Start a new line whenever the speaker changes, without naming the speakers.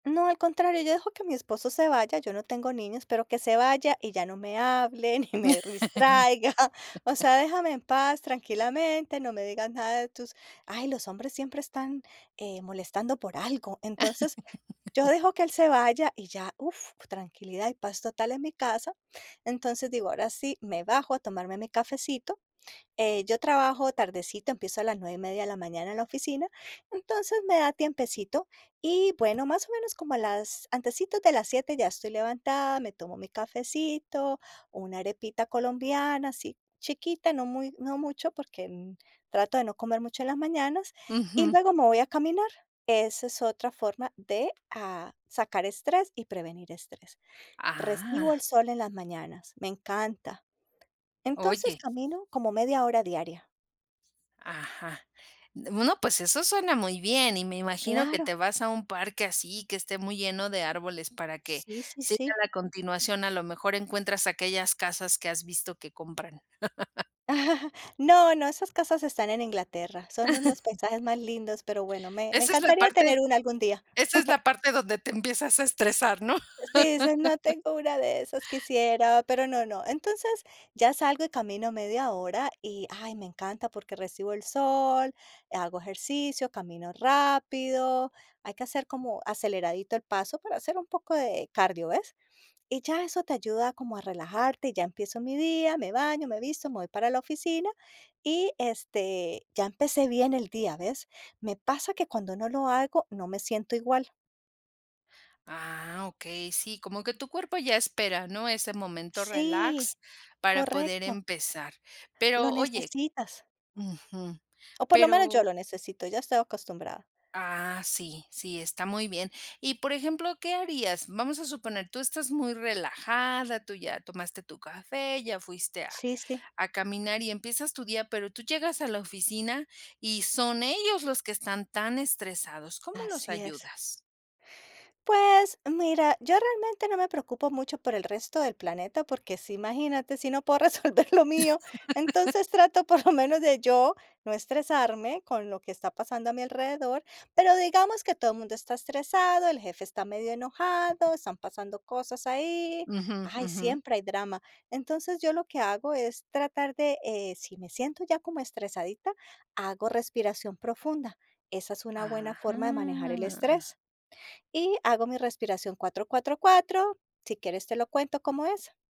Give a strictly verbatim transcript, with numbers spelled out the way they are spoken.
No, al contrario, yo dejo que mi esposo se vaya, yo no tengo niños, pero que se vaya y ya no me hable, ni me ristraiga, o sea, déjame en paz, tranquilamente, no me digas nada de tus Ay, los hombres siempre están, eh, molestando por algo. Entonces, yo dejo que él se vaya, y ya, uf, tranquilidad y paz total en mi casa. Entonces, digo, ahora sí, me bajo a tomarme mi cafecito, eh, yo trabajo tardecito, empiezo a las nueve y media de la mañana en la oficina, entonces, me da tiempecito. Y, bueno, más o menos como a las antecitos de las siete ya estoy levantada, me tomo mi cafecito, una arepita colombiana, así chiquita, no muy no mucho, porque, mm, trato de no comer mucho en las mañanas, y
Ujú.
luego me voy a caminar. Esa es otra forma de, ah, sacar estrés y prevenir estrés. Recibo el
Ah.
sol en las mañanas, me encanta. Entonces,
Oye
camino como media hora diaria.
Ajá, d bueno, pues eso suena muy bien. Y me imagino que
Claro.
te vas a un parque así que esté muy lleno de árboles para que
Sí, sí,
siga
sí.
la continuación, a lo mejor encuentras aquellas casas que has visto que compran.
No, no, esas casas están en Inglaterra, son u los paisajes más lindos, pero bueno, me me
Esa es la
encantaría
parte
tener una algún día.
esa es la parte donde te empiezas a estresar, ¿no?
Sí, dices: "No tengo una de esas, quisiera, pero no, no". Entonces, ya salgo y camino media hora, y hay me encanta, porque recibo el sol, hago ejercicio, camino rápido, hay que hacer como aceleradito el paso para hacer un poco de cardio, ¿ves? Y ya eso te ayuda como a relajarte, ya empiezo mi día, me baño, me visto, me voy para la oficina, y, este, ya empecé bien el día, ¿ves? Me pasa que cuando no lo hago, no me siento igual.
Ah, okey, sí, como que tu cuerpo ya espera, ¿no? Ese momento
Sí.
relax para poder
Correcto.
empezar.
Lo
Pero oye
necesitas.
Ujú.
O por lo menos yo
Pero
lo necesito, ya estoy acostumbrada.
Ah, sí, sí, está muy bien. Y, por ejemplo, ¿qué harías? Vamos a suponer, tú estás muy relajada, tú ya tomaste tu café, ya fuiste a
Sí, sí.
a caminar y empiezas tu día, pero tú llegas a la oficina y son ellos los que están tan estresados, ¿cómo los
Así es.
ayudas?
Pues, mira, yo realmente no me preocupo mucho por el resto del planeta, porque sí, imagínate, si no puedo resolver lo mío, entonces trato por lo menos de yo no estresarme con lo que está pasando a mi alrededor, pero digamos que todo mundo está estresado, el jefe está medio enojado, están pasando cosas ahí.
Ujú,
Ay,
ujú.
siempre hay drama. Entonces, yo lo que hago es tratar de, eh, si me siento ya como estresadita, hago respiración profunda. Esa es una buena forma de manejar el
Ajá.
estrés. Y hago mi respiración cuatro, cuatro, cuatro. Si quieres, te lo cuento cómo es.